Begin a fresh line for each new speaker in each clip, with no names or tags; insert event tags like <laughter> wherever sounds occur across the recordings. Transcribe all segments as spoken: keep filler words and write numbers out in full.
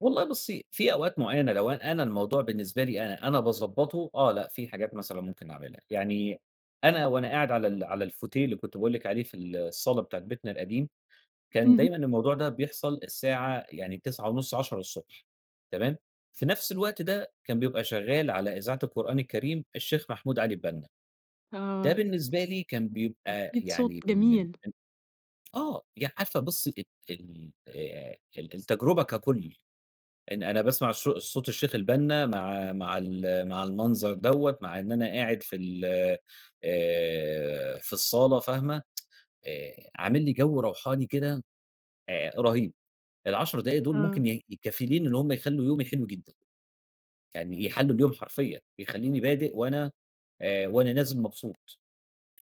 والله بُصي، في أوقات معينة لو أ أنا الموضوع بالنسبة لي أنا، أنا باضَبّطه، آه لأ في حاجات مثلًا ممكن اعملها، يعني أنا وأنا قاعد على ال على الفوتيه اللي كنت باقول لِك عليه في ال الصالة بتاعة بيتنا القديم، كان
اهم.
دايمًا الموضوع ده بيحصل الساعة، يعني تسعة ونص، عشرة الصبح تمام؟ في نفس الوقت ده، كان بيبقى شغال على إذاعة القرآن الكريم، الشيخ محمود علي البنّا. ده
آه.
بالنسبة لي كان بيبقى
أكيد صوت
يعني من من
جميل.
من، آه يع عارفة بُصي ال ال آآ ال التجربة ككل، إن أنا باسمع الصو صوت الشيخ البنّا مع مع ال مع المنظر دوّة، مع إن أنا قاعد في ال آآ، في الصالة فاهمة، <tsk> آآ عامل لي جو روحاني كده آآ رهيب، العشر دقايق دول
آه.
ممكن ي كفيلين إن هم يخلّوا يومي حلو جدًا يعني يحَلّوا اليوم حرفيًا، يخلوني بادئ وأنا آآ، وأنا نازل مبسوط،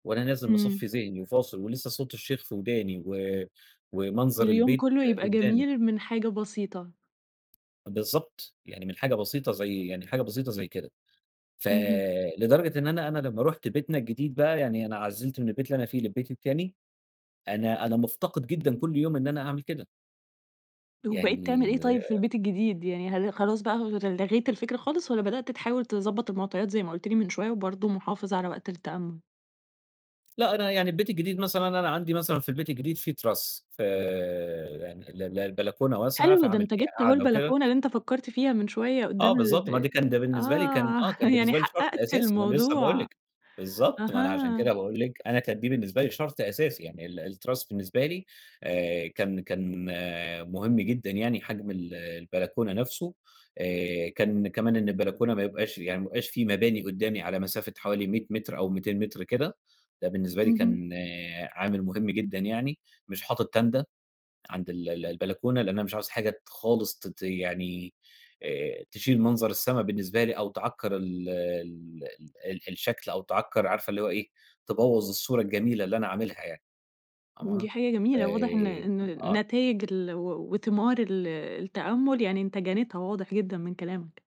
وأنا نازل
إمم.
مصفي ذهني وفاصل ولسه صوت الشيخ في وداني و ومنظر
واليوم
البيت
كله يبقى
قدّامي.
جميل من حاجة بسيطة.
بالضبط، يعني من حاجة بسيطة زي يعني حاجة بسيطة زي كده،
اهم.
فلدرجة إن أنا أنا لما رُحت بيتنا الجديد بقى، يعني أنا عزِّلت من البيت اللي أنا فيه للبيت التاني، أنا أنا مفتقد جدًا كل يوم إن أنا أعمل كده.
وبقيت تعمل
يعني
إيه طيب في
آآ
البيت الجديد، يعني هل خلاص بقى ل لغيت الفكرة خالص، والّا بدأت تحاول تضبَّط المعطيات زي ما قلت لي من شوية وبرضه محافظ على وقت التأمل؟
لأ أنا يعني البيت الجديد مثلًا أنا عندي مثلًا في البيت الجديد فيه تِراس، فـي يعني ال ال البلكونة واسعة
حلو، ده
فعامل
أنت
فيها
جِبت اهو
قعدة وكده
البلكونة اللي أنت فكَّرت فيها من شويّة
آه
قُدام
بالضبط
الب
ما ده كان ده بالنسبة لي كان
آه،
آه كان
<chuckles> يعني
بالنسبة لي شرط
حقَّقت
أساسي ما أنا لسه باقول
الموضوع،
لِك، بالضبط ما أنا عشان كده
أها.
باقول لِك أنا كان دي بالنسبة لي شرط أساسي يعني، ال التِراس بالنسبة لي، آآ كان كان مهم جدًا يعني حجم ال البلكونة نفسه آآ، كان كمان إن البلكونة ما يبقاش يعني ما يبقاش في مباني قدامي على مسافة حوالي مِيَّة متر أو مِيتين متر كده، ده بالنسبة لي
اهم.
كان عامل مهم جدًا يعني، مش حاطط تاندا عند ال ال البلكونة لأن أنا مش عايز حاجة ت خالص ت ت يعني آآ، تشيل منظر السما بالنسبة لي أو تعكر ال ال ال ال الشكل، أو تعكر عارفة اللي هو إيه، تبوَّظ الصورة الجميلة اللي أنا عاملها يعني، آه،
دي حاجة
ف
جميلة، واضح إن إن
آه.
نتايج ال و وثمار ال التأمل، يعني أنت جنيتها واضح جدًا من كلامك.